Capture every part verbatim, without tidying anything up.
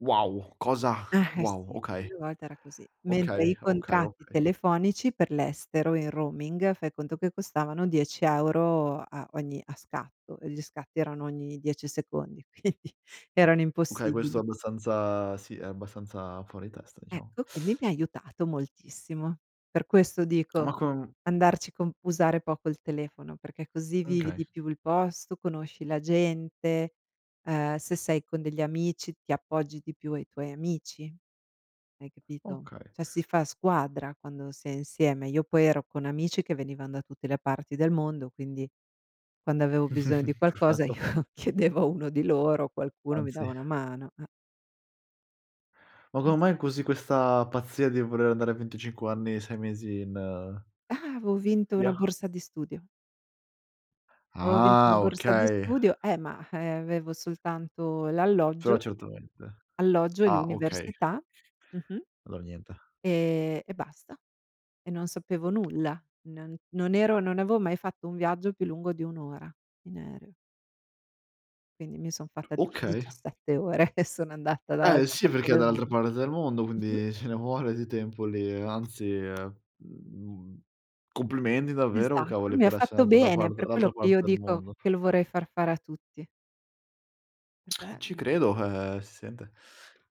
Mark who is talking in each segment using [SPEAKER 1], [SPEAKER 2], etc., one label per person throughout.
[SPEAKER 1] Wow, cosa
[SPEAKER 2] Eh
[SPEAKER 1] wow,
[SPEAKER 2] sì,
[SPEAKER 1] okay,
[SPEAKER 2] una volta era così. Mentre
[SPEAKER 1] okay,
[SPEAKER 2] i
[SPEAKER 1] okay,
[SPEAKER 2] contratti
[SPEAKER 1] okay.
[SPEAKER 2] telefonici per l'estero in roaming, fai conto che costavano dieci euro a ogni a scatto e gli scatti erano ogni dieci secondi, quindi erano
[SPEAKER 1] Okay, questo è
[SPEAKER 2] impossibili.
[SPEAKER 1] abbastanza sì, è abbastanza fuori testa, diciamo.
[SPEAKER 2] Ecco, quindi mi ha aiutato moltissimo. Per questo
[SPEAKER 1] Ma
[SPEAKER 2] dico
[SPEAKER 1] con
[SPEAKER 2] andarci con usare poco il telefono, perché così
[SPEAKER 1] Uhm,
[SPEAKER 2] vivi
[SPEAKER 1] kay.
[SPEAKER 2] di più il posto, conosci la gente, uhm, se sei con degli amici ti appoggi di più ai tuoi amici. Hai capito?
[SPEAKER 1] Okay.
[SPEAKER 2] Cioè si fa squadra quando si è insieme. Io poi ero con amici che venivan da tutte le parti del mondo, quindi quando avevo bisogno di qualcosa
[SPEAKER 1] Perfetto.
[SPEAKER 2] io chiedevo a uno di loro, qualcuno mi dava
[SPEAKER 1] Anzi
[SPEAKER 2] una mano, eh.
[SPEAKER 1] Ma
[SPEAKER 2] Eh s
[SPEAKER 1] come mai così questa pazzia di voler andare a venticinque anni, sei mesi in
[SPEAKER 2] Ah, aveo vinto una
[SPEAKER 1] [unintelligible]
[SPEAKER 2] borsa di studio. aveo vinto una
[SPEAKER 1] Ah,
[SPEAKER 2] borsa di
[SPEAKER 1] okay.
[SPEAKER 2] studio, eh, ma avevo soltanto
[SPEAKER 1] Però
[SPEAKER 2] l'alloggio,
[SPEAKER 1] certamente
[SPEAKER 2] alloggio e
[SPEAKER 1] ah okay.
[SPEAKER 2] l'università, mh-mh,
[SPEAKER 1] Allora niente.
[SPEAKER 2] e e basta. E non sapevo nulla, n non ero non avevo mai fatto un viaggio più lungo di un ora in aereo. Quindi mi son fatta tipo
[SPEAKER 1] Okay.
[SPEAKER 2] diciasette ore e sono andata
[SPEAKER 1] Eh
[SPEAKER 2] dall'altra
[SPEAKER 1] sì,
[SPEAKER 2] parte
[SPEAKER 1] perché è
[SPEAKER 2] del mondo,
[SPEAKER 1] dall'altra parte del mondo,
[SPEAKER 2] mh-mh.
[SPEAKER 1] quindi ce ne vuole di tempo lì, ehm, anzi, mhmm, complimendi davvero
[SPEAKER 2] Esatto,
[SPEAKER 1] cavoli,
[SPEAKER 2] mi ha
[SPEAKER 1] per essere
[SPEAKER 2] fatto
[SPEAKER 1] andato da
[SPEAKER 2] bene,
[SPEAKER 1] parte
[SPEAKER 2] per
[SPEAKER 1] dall'altra
[SPEAKER 2] quello che
[SPEAKER 1] parte
[SPEAKER 2] io
[SPEAKER 1] del
[SPEAKER 2] dico
[SPEAKER 1] mondo.
[SPEAKER 2] che lo vorrei far fare a tutti. Perché
[SPEAKER 1] Eh, ci
[SPEAKER 2] mhmm
[SPEAKER 1] credo,
[SPEAKER 2] [unintelligible]
[SPEAKER 1] eh si sente,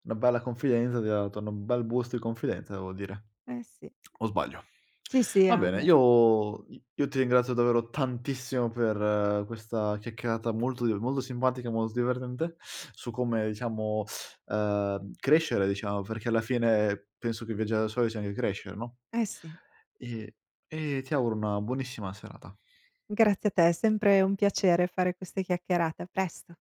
[SPEAKER 1] una bella confidenza, ti ha dato n un bel boost di confidenza devo dire.
[SPEAKER 2] Eh sì.
[SPEAKER 1] O sbaglio?
[SPEAKER 2] Sì, sì,
[SPEAKER 1] Va
[SPEAKER 2] ah è
[SPEAKER 1] bene,
[SPEAKER 2] vero.
[SPEAKER 1] io io ti ringrazio davvero tantissimo per questa chiacchierata molto di molto simbatica e molto divertente su come, diciamo, ehm, crescere, diciamo, perché alla fine penso che viaggiare da soli sia anghe crescere, no?
[SPEAKER 2] Eh sì.
[SPEAKER 1] E e ti auguro una buonissima serata.
[SPEAKER 2] Grazie a te, è sempre un piacere fare queste chiacchierate. A presto.